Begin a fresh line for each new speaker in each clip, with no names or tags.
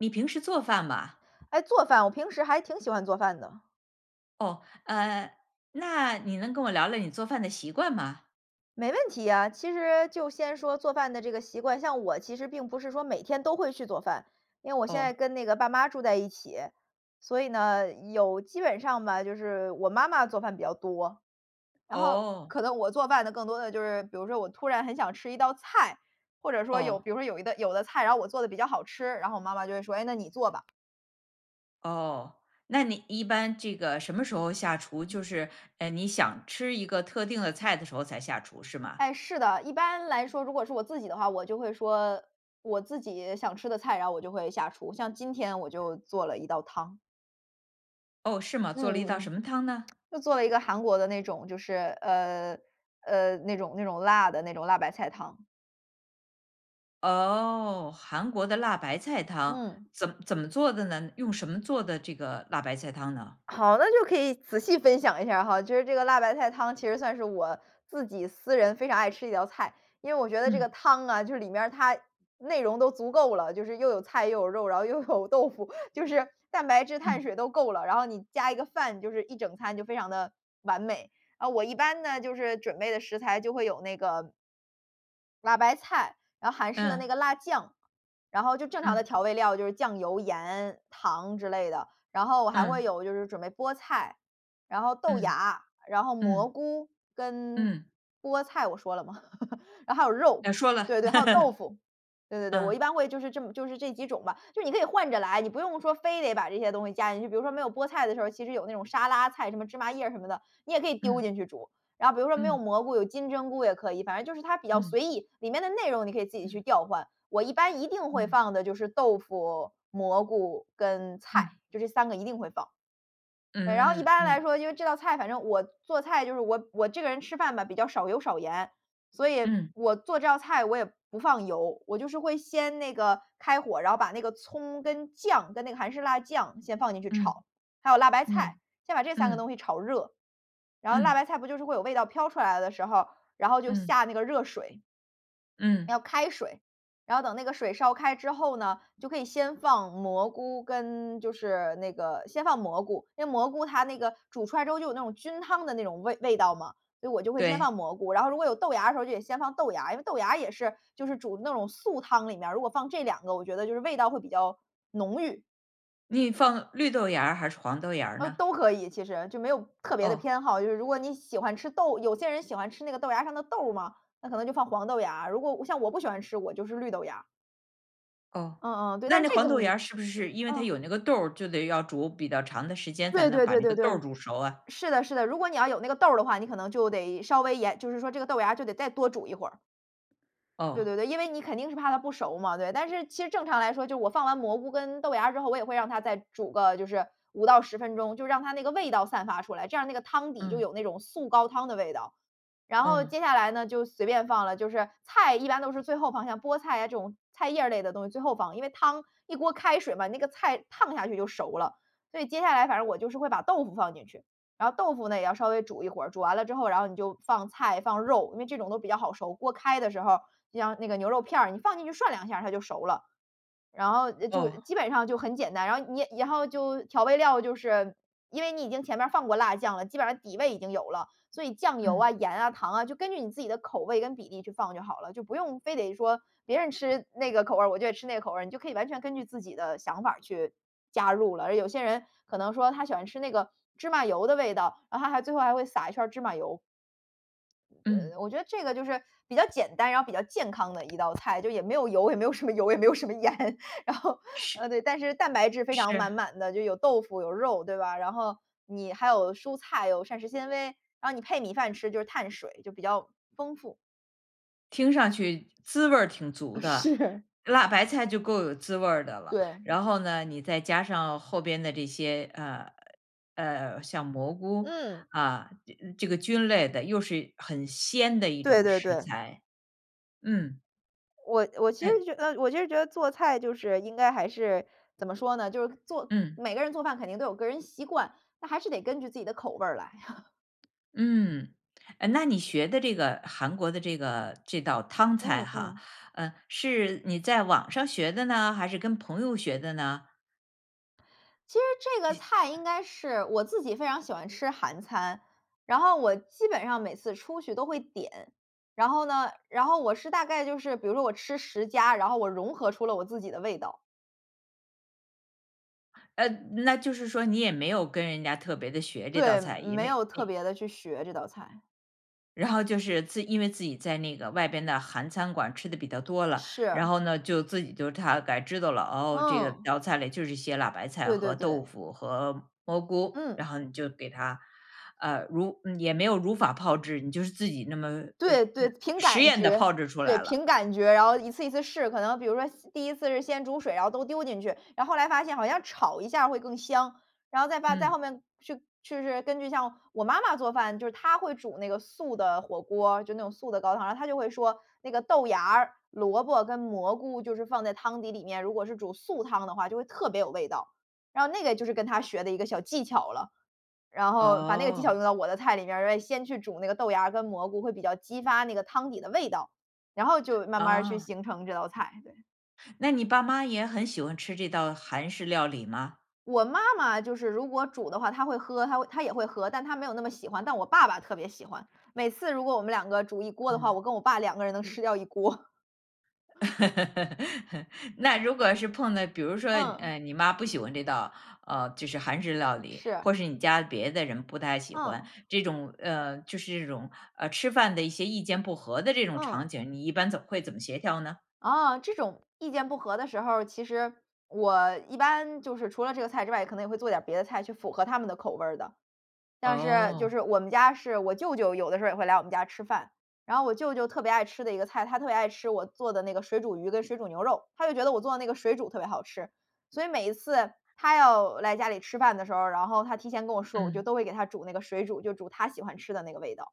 你平时做饭吗？
诶，做饭。我平时还挺喜欢做饭的。
哦。呃，那你能跟我聊聊你做饭的习惯吗？
没问题啊。其实就先说做饭的这个习惯，像我其实并不是说每天都会去做饭，因为我现在
哦。
跟那个爸妈住在一起，所以呢，有基本上吧，就是我妈妈做饭比较多。然后
哦。
可能我做饭的更多的就是，比如说我突然很想吃一道菜，或者说有
哦。
比如说有一道有的菜，然后我做得比较好吃，然后我妈妈就会说：“诶，那你做吧。”
哦，那你一般这个什么时候下厨？
嗯。
就是，诶，你想吃一个特定的菜的时候才下厨，是吗？
诶，是的。一般来说，如果是我自己的话，我就会说我自己想吃的菜，然后我就会下厨。像今天我就做了一道汤。
哦，是吗？做了
嗯
一道
嗯。
什么汤呢？
就做了一个韩国的那种，就是，呃，呃，那种那种辣的，那种辣白菜汤。
哦，韩国的辣白菜汤。
嗯。
怎么怎么做的呢？用什么做的这个辣白菜汤呢？
好，那就可以仔细分享一下儿哈。就是这个辣白菜汤，其实算是我自己私人非常爱吃的一道菜。因为我觉得这个
嗯。
汤啊，就是里面儿它内容都足够了，就是又有菜、又有肉，然后又有豆腐，就是蛋白质、碳
嗯。
水都够了。然后你加一个饭，就是一整餐，就非常地完美。啊，我一般呢，就是准备的食材就会有那个辣白菜，然后韩式的那个
嗯。
辣酱，然后就正常的
嗯。
调味料就是酱油、盐、糖之类的。然后还会
嗯。
有就是准备菠菜，然后豆
嗯。
芽，然后蘑
嗯。
菇跟
嗯。
菠菜我说了吗？然后还有肉，
呃说
对
了。
对，还有豆腐。对对对，我
嗯。
一般会就是这么就是这几种吧。就是你可以换着来，你不用说非得把这些东西加进去，比如说没有菠菜的时候，其实有那种沙拉菜，什么芝麻叶什么的，你也可以丢
嗯。
进去煮。然后比如说没有
嗯。
蘑菇，有金针菇也可以，反正就是它比较
嗯。
随意，里面的内容，你可以自己去
嗯。
调换，我一般一定会
嗯。
放的就是豆腐、蘑菇跟菜，
嗯。
就这3个一定会放。对，然后
嗯
一
嗯。
般来
嗯。
说，因为这道菜反正我做菜就是我我这个人吃饭吧，比较少油少盐，所以
嗯。
我做这道菜我也不放油，我就是会先那个开火，然后把那个葱跟酱跟那个韩式辣酱先放进去
嗯，
炒，还有辣白菜，
嗯，
先把这3个
嗯。
东西炒热。然后辣
嗯。
白菜不就是会有味道飘出来的时候，然后就
嗯。
下那个热水。
嗯。
要开水。然后等那个水烧开之后呢，就可以先放蘑菇跟就是那个先放蘑菇。那蘑菇它那个煮出来之后就有那种菌汤的那种味味道嘛，所以我就会先放
对。
蘑菇。然后如果有豆芽的时候就得先放豆芽，因为豆芽也是就是煮的那种素汤里面，如果放这2个，我觉得就是味道会比较浓郁。
你放绿豆芽儿，还是黄豆芽儿
呃，
呢？
都可以，其实，就没有特别的
哦。
偏好。就是如果你喜欢吃豆有些人喜欢吃那个豆芽儿上的豆儿嘛，那可能就放黄豆芽儿。如果像我不喜欢吃，我就是绿豆芽儿。
哦，
嗯嗯。对，
那
但
那
这
黄
个
豆芽儿是不是因为它
嗯。
有那个豆儿，就得要煮比较长的时间，才
对
能
对
把
对
那
对
个豆儿
对。
煮熟啊。
是的是的。如果你要有那个豆儿的话，你可能就得稍微延就是说这个豆芽儿就得再多煮一会儿。对
哦。
对对，因为你肯定是怕它不熟嘛，对。但是其实正常来说，就是我放完蘑菇跟豆芽儿之后，我也会让它再煮个就是5到10分钟，就让它那个味道散发出来。这样那个汤底就
嗯。
有那种素高汤的味道。然后
嗯。
接下来呢，就随便放了。就是菜一般都是最后放，像菠菜呀这种菜叶儿类的东西最后放。因为汤，一锅开水嘛，那个菜烫下去就熟了。所以接下来反正我就是会把豆腐放进去。然后豆腐呢，也要稍微煮一会儿。煮完了之后，然后你就放菜、放肉，因为这种都比较好熟。锅开的时候，就像那个牛肉片儿，你放进去涮两下它就熟了。然后就
哦。
基本上就很简单。然后你然后就调味料，就是因为你已经前面儿放过辣酱了，基本上底味已经有了。所以酱油
嗯。
啊、盐啊、糖啊，就根据你自己的口味跟比例去放就好了。就不用非得说别人吃那个口味儿，我就得吃那个口味儿。你就可以完全根据自己的想法儿去加入了。而有些人可能说他喜欢吃那个芝麻油的味道，然后他还最后还会撒一圈儿芝麻油。
嗯。
嗯，我觉得这个就是比较简单、然后比较健康的一道菜。就也没有油，也没有什么油，也没有什么盐。然后，
是。
呃，对，但是蛋白质非常满
是。
满的。就有豆腐、有肉，对吧，然后你还有蔬菜，有膳食纤维。然后你配米饭吃，就是碳水，就比较丰富。
听上去滋味儿挺足
啊，
的，
是。
辣白菜就够有滋味儿的了。
对。
然后呢，你再加上后边的这些，呃，呃，像蘑菇，
嗯。
啊，这这个菌类的，又是很鲜的一
对
种
对
食
对。
材。嗯。
我我其
诶。
实觉得我其实觉得做菜就是应该还是怎么说呢？就是做
嗯。
每个人做饭肯定都有个人习惯，那还是得根据自己的口味儿来。
嗯。诶，那你学的这个韩国的这个这道汤菜
嗯
哈，
嗯。
呃，是你在网上学的呢，还是跟朋友学的呢？
其实这个菜应该是我自己非常喜欢吃韩餐，然后我基本上每次出去都会点。然后呢然后我是大概就是比如说我吃10家，然后我融合出了我自己的味道。
呃那就是说你也没有跟人家特别地学这道
对，
菜，也
没
没
有特
没
别地去学这道菜。
然后就是自因为自己在那个外边的韩餐馆吃得比较多了，
是。
然后呢，就自己就大概知道了，哦，这个
嗯。
道菜里就是些辣白菜
对
和
对
豆
对。
腐和蘑菇，
嗯。
然后你就给它，呃，如也没有如法炮制，你就是自己那么呃，
对对，
呃，
凭
实
感
验地
觉，
炮制出
对，
来了。
凭感觉，然后一次一次试。可能比如说先第1次是先煮水，然后都丢进去，然后来发现好像炒一下会更香，然后再发再
嗯。
后面去去是根据像我妈妈做饭，就是她会煮那个素的火锅，就那种素的高汤。她就会说：“那个豆芽儿、萝卜跟蘑菇，就是放在汤底里面。如果是煮素汤的话，就会特别有味道。”然后那个就是跟她学的一个小技巧了，然后把那个技巧
哦。
用到我的菜里面儿。诶，先去煮那个豆芽儿跟蘑菇，会比较激发那个汤底的味道，然后就慢慢儿去
啊。
形成这道菜，对。
那你爸妈也很喜欢吃这道韩式料理吗？
我妈妈就是如果煮的话，她会喝，她她也会喝，但她没有那么喜欢，但我爸爸特别喜欢。每次如果我们两个煮一锅的话，
嗯。
我跟我爸两个人能吃掉一锅。
那如果是碰到比如说，
嗯。
呃，你妈不喜欢这道呃，就是韩式料理，
是。
或是你家别的人不太喜欢
嗯。
这种呃，就是这种，呃，吃饭的一些意见不合的这种
嗯。
场景，你一般怎么会怎么协调呢？
啊，这种意见不合的时候儿，其实，我一般就是除了这个菜之外，可能也会做点别的菜去符合他们的口味儿的。但是就
哦。
是我们家是我舅舅，有的时候也会来我们家吃饭，然后我舅舅特别爱吃的一个菜，他特别爱吃我做的那个水煮鱼跟水煮牛肉，他就觉得我做的那个水煮特别好吃。所以每一次他要来家里吃饭的时候，然后他提前跟我说，我就
嗯。
都会给他煮那个水煮就煮他喜欢吃的那个味道。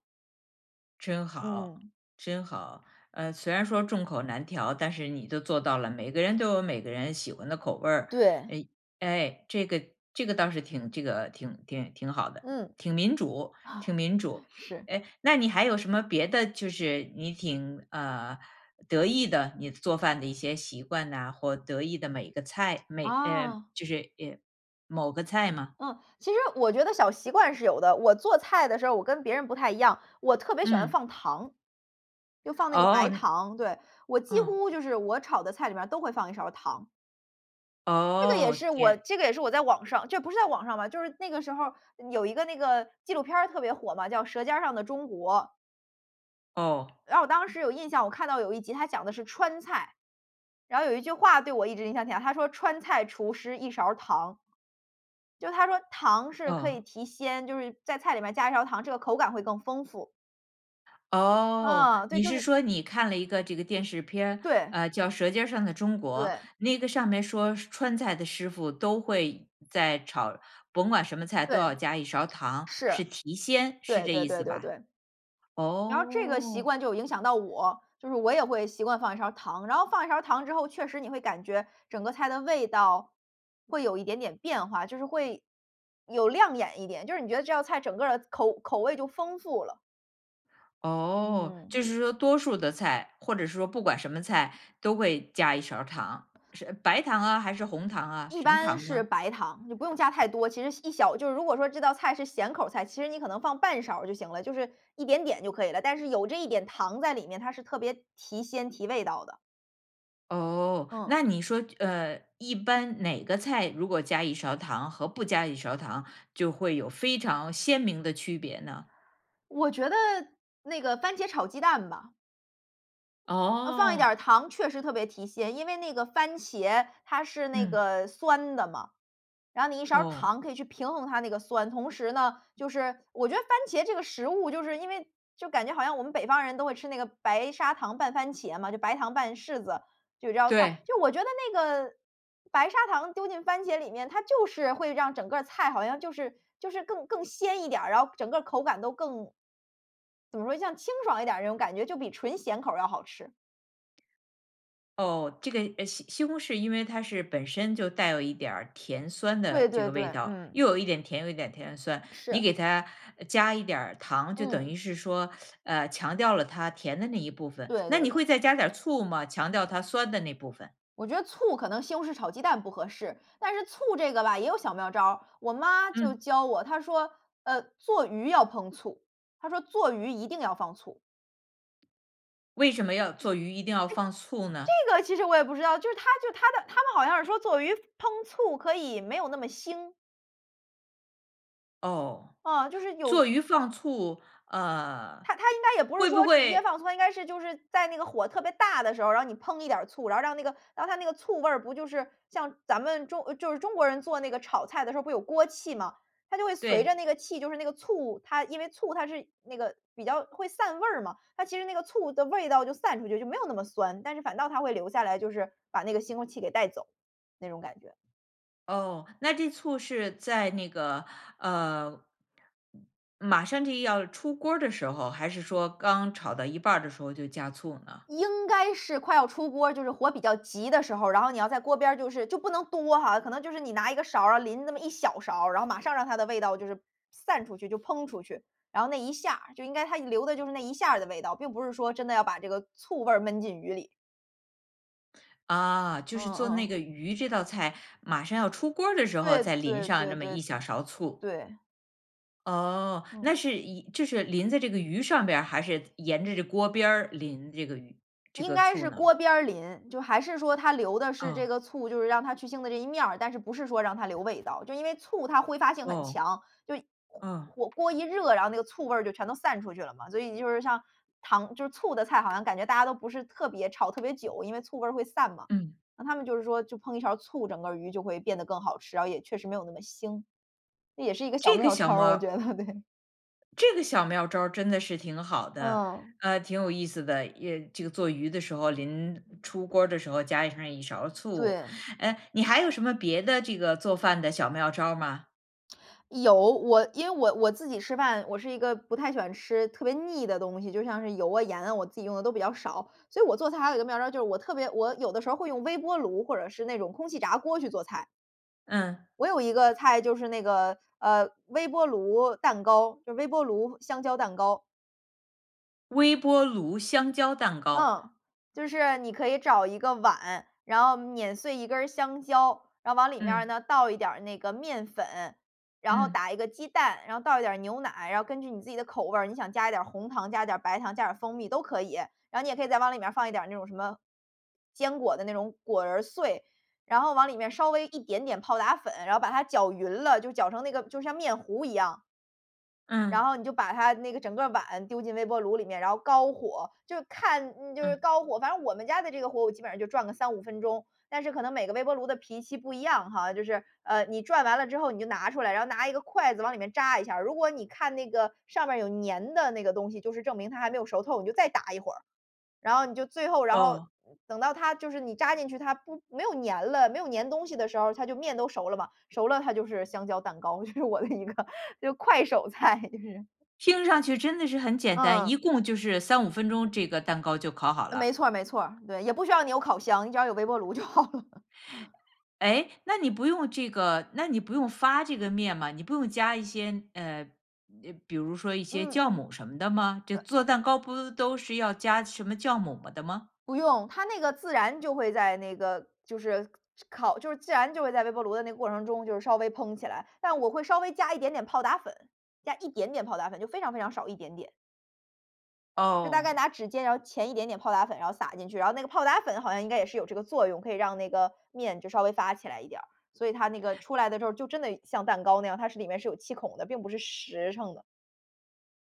真好，
嗯。
真好。呃，虽然说众口难调，但是你都做到了，每个人都有每个人喜欢的口味儿。
对。
哎，哎，这个这个倒是挺这个挺挺挺好的，
嗯。
挺民主挺民主。
是。
哎，那你还有什么别的就是你挺呃，得意的你做饭的一些习惯啊，或得意的每一个菜每呃
哦。
就是，呃，某个菜吗？
嗯，其实我觉得小习惯是有的。我做菜的时候我跟别人不太一样，我特别喜欢
嗯。
放糖。就放那个白
哦，
糖，对。我几
嗯。
乎就是我炒的菜里面都会放一勺糖。这个也
哦，
是我
天
这个也是我在网上就不是在网上吧，就是那个时候，嗯，有一个那个纪录片儿特别火嘛，叫《舌尖儿上的中国》。
哦。
然后我当时有印象，我看到有1集，它讲的是“川菜”。然后有一句话对我一直影响挺大，它说：“川菜厨师1勺儿糖。”就是它说糖是可以
嗯。
提鲜，就是在菜里面加1勺糖，这个口感会更丰富。
哦，
啊，对，
你
就
是
是
说你看了一个这个电视片，
对。
呃，叫《舌尖儿上的中国》。
对。
那个上面说川菜的师傅都会在炒，甭管什么菜都
对，
要加一勺儿糖，
是，
是提鲜，是
对
这
对
意
对
思
对
吧？
对。然后这个习
哦。
惯就影响到我，就是我也会习惯放1勺儿糖。然后放1勺儿糖之后，确实你会感觉整个菜的味道会有一点点变化，就是会有亮眼一点，就是你觉得这道菜整个儿口口味就丰富了。
哦，
嗯。
就是说多数的菜，或者是说不管什么菜都会加一勺儿糖，是白糖啊还是红糖啊，
一
什么
般
糖
是
呢？
白糖，你不用加太多，其实小1小就是如果说这道菜是咸口儿菜，其实你可能放半勺儿就行了，就是一点点就可以了。但是有这一点糖在里面，它是特别提鲜、提味道的。
哦，
嗯。
那你说就，呃，一般哪个菜如果加一勺糖和不加一勺糖，就会有非常鲜明的区别呢？
我觉得，那个番茄炒鸡蛋吧。呃，放一点
哦。
儿糖确实特别提鲜，因为那个番茄它是那
嗯。
个酸的嘛，然后你1勺
哦。
糖可以去平衡它那个酸。同时呢，就是我觉得番茄这个食物，就是因为就感觉好像我们北方人都会吃那个白砂糖拌番茄嘛，就白糖拌柿子，就有这道菜。
对。
就我觉得那个白砂糖丢进番茄里面，它就是会让整个菜好像就是就是更更鲜一点儿，然后整个口感都更怎么说？像清爽一点儿那种感觉，就比纯咸口儿要好吃。
哦，这个，呃，西西红柿因为它是本身就带有一点儿甜酸
对
的这
对
个味
对。
道，
嗯。
又有一点甜，又有一点甜酸。
是。
你给它加一点儿糖，就等
嗯。
于是说，呃，强调了它甜的那一部分。
对
那
对
你
对。
会再加点儿醋吗？强调它酸的那部分。
我觉得醋可能西红柿炒鸡蛋不合适。但是醋这个吧，也有小妙招儿。我妈就
嗯。
教我，她说：“呃，做鱼要烹醋。”她说：“做鱼一定要放醋。”
为什么要
诶！
做鱼一定要放醋呢？
这个其实我也不知道，就是他就他的他们好像是说做鱼烹醋可以没有那么腥。
哦，
啊，就是有
做鱼放醋，呃，
它它应该也不是
会不
说直接
会
放醋，它应该是就是在那个火特别大的时候，然后你烹一点儿醋，然后让那个让它那个醋味儿不就是像咱们中就是中国人做那个炒菜的时候，不有锅气嘛。它就会随着
对。
那个气，就是那个醋它因为醋它是那个比较会散味儿嘛。它其实那个醋的味道就散出去，就没有那么酸。但是反倒它会留下来，就是把那个腥味儿气给带走，那种感觉。
哦，那这醋是在那个，呃马上就要出锅儿的时候，还是说刚炒到一半儿的时候就加醋呢？
应该是快要出锅儿、就是火比较急的时候，然后你要在锅边儿就是就不能多哈，可能就是你拿一个勺儿啊，淋那么1小勺儿，然后马上让它的味道就是散出去，就烹出去。然后那一下儿，就应该它留的就是那一下儿的味道，并不是说真的要把这个醋味儿闷进鱼里。
啊，就
嗯
是做
嗯
那
嗯。
个鱼这道菜，马上要出锅儿的时候，
对
再淋
对
上
对
这么一
对。
小勺醋。
对。
哦，
嗯。
那是一就是淋在这个鱼上边儿，还是沿着这锅边儿淋这个鱼这
应
个
该
醋
是
呢？
锅边儿淋，就还是说它留的是这
嗯。
个醋，就是让它去腥的这一面儿。但是不是说让它留味道，就因为醋它挥发性很
哦，
强，就
嗯。
火锅一热，然后那个醋味儿就全都散出去了嘛。所以就是像糖就是醋的菜，好像感觉大家都不是特别炒特别久，因为醋味儿会散嘛。
嗯。
那他们就是说就烹一勺醋，整个鱼就会变得更好吃，然后也确实没有那么腥。这也是一个小
这个
妙
小
招
妙
儿，我觉
儿
得，对。
这个小妙招真的是挺好的，
嗯。
呃，挺有意思的。也这个做鱼的时候，临出锅儿的时候加上一勺醋。
对。
呃，你还有什么别的这个做饭的小妙招儿吗？
有，我，因为我我自己吃饭，我是一个不太喜欢吃特别腻的东西，就像是油啊，盐啊，我自己用的都比较少。所以我做菜还有一个妙招，就是我特别我有的时候会用微波炉或者是那种空气炸锅去做菜。
嗯。
我有一个菜就是那个，呃，微波炉蛋糕，就是微波炉香蕉蛋糕。
微波炉香蕉蛋糕。
嗯，就是你可以找1个碗，然后碾碎1根儿香蕉，然后往里面儿
嗯。
呢，倒一点儿那个面粉，然后
嗯。
打1个鸡蛋，然后倒一点儿牛奶，然后根据你自己的口味儿，你想加一点儿红糖、加一点儿白糖、加点儿蜂蜜都可以。然后你也可以再往里面儿放一点儿那种什么坚果的那种果仁儿碎，然后往里面稍微加一点点泡打粉，然后把它搅匀了，就搅成那个就像面糊一样。
嗯。
然后你就把它那个整个碗丢进微波炉里面，然后高火，就看就是
嗯。
高火，反正我们家的这个火我基本上就转个3-5分钟。但是可能每个微波炉的脾气不一样哈，就是，呃，你转完了之后你就拿出来，然后拿一个筷子往里面扎一下，如果你看那个上面儿有粘的那个东西，就是证明它还没有熟透，你就再打一会儿。然后你就最后然后
哦。
等到它就是你扎进去，它不没有粘了，没有粘东西的时候，它就面都熟了嘛。熟了它就是香蕉蛋糕，这是我的一个就是快手菜就是。
听上去真的是很简单，
嗯。
一共就是3- 5分钟，这个蛋糕就烤好
没
了。
错儿没错儿。对，也不需要你有烤箱，你只要有微波炉就好了。
哎？那你不用这个那你不用发这个面吗？你不用加一些呃，比如说一些
嗯
酵
嗯。
母什么的吗？就做蛋糕不都是要加什么酵母吗的吗？
不用，它那个自然就会在那个就是烤就是自然就会在微波炉的那个过程中就稍微蓬起来。但我会稍微加一点点泡打粉，加一点点泡打粉，就非常非常少，一点点。就大概
哦。
拿指尖，然后钳一点点泡打粉，然后撒进去，然后那个泡打粉好像应该也是有这个作用，可以让那个面就稍微发起来一点儿。所以它那个出来的时候就真的像蛋糕那样，它是里面是有气孔的，并不是实成的。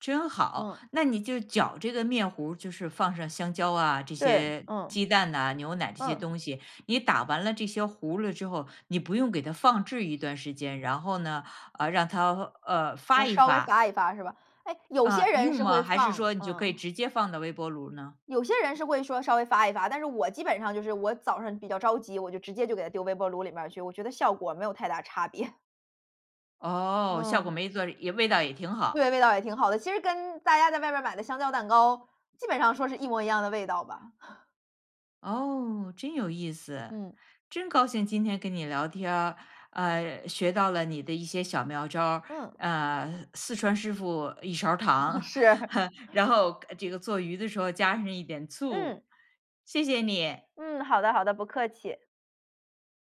真好，
嗯。
那你就搅这个面糊儿，就是放上香蕉啊，这
对，
些
嗯。
鸡蛋呐、牛奶这些
嗯。
东西。你打完了这些糊了之后，你不用给它放置一段时间，然后呢，呃，让它，呃，发
我
一
稍微
发。
发一发，是吧？诶，有
呃，
些人
用
是会
吗？还是
放，
说你就可以
嗯。
直接放到微波炉呢？
有些人是会说稍微发一发，但是我基本上就是我早上比较着急，我就直接就给它丢微波炉里面儿去，我觉得效果儿没有太大差别。
哦，效果
嗯。
没做也味道也挺好。
对，味道也挺好的，其实跟大家在外面儿买的香蕉蛋糕，基本上说是一模一样的味道吧。
哦，真有意思。
嗯。
真高兴今天跟你聊天儿，呃，学到了你的一些小妙招儿，
嗯。
呃，四川师傅一勺儿糖，
是。
然后这个做鱼的时候加上一点
嗯。
醋。谢谢你。
嗯，好的好的，不客气。